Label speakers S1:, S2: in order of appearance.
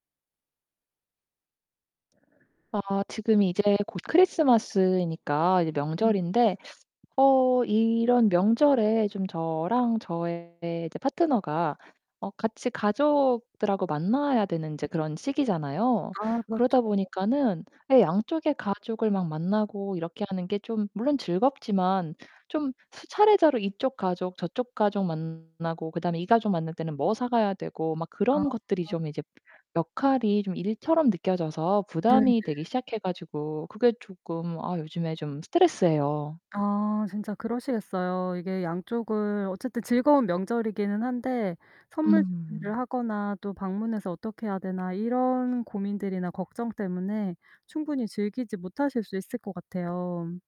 S1: 아 지금 이제 곧 크리스마스이니까 이제
S2: 음.
S1: 명절인데 어 이런 명절에 좀 저랑 저의 제 파트너가 어 같이 가족들하고 만나야 되는 인제 그런 시기잖아요.
S2: 아 그렇쵸
S1: 그러다
S2: 네.
S1: 보니까는 예 양쪽의 가족을 막 만나고 이렇게 하는 게 좀 물론 즐겁지만 좀 수차례 이쪽 가족 저쪽 가족 만나고 그다음에 이 가족 만날 때는 뭐 사 가야 되고 막 그런
S2: 아.
S1: 것들이 좀 이제 역할이 좀 일처럼 느껴져서
S2: 네 네.
S1: 부담이 되기 시작해 가지고 그게 조끔 아 요즘에 좀 스트레스예요.
S2: 아 진짜 그러시겠어요. 이게 양쪽을 어쨌든 즐거운 명절이기는 한데 선물
S1: 음.
S2: 준비를 하거나 또 '방문해서 어떻게 해야 되나?' 이런 고민들이나 걱정 때문에 충분히 즐기지 못하실 수 있을 것 같아요.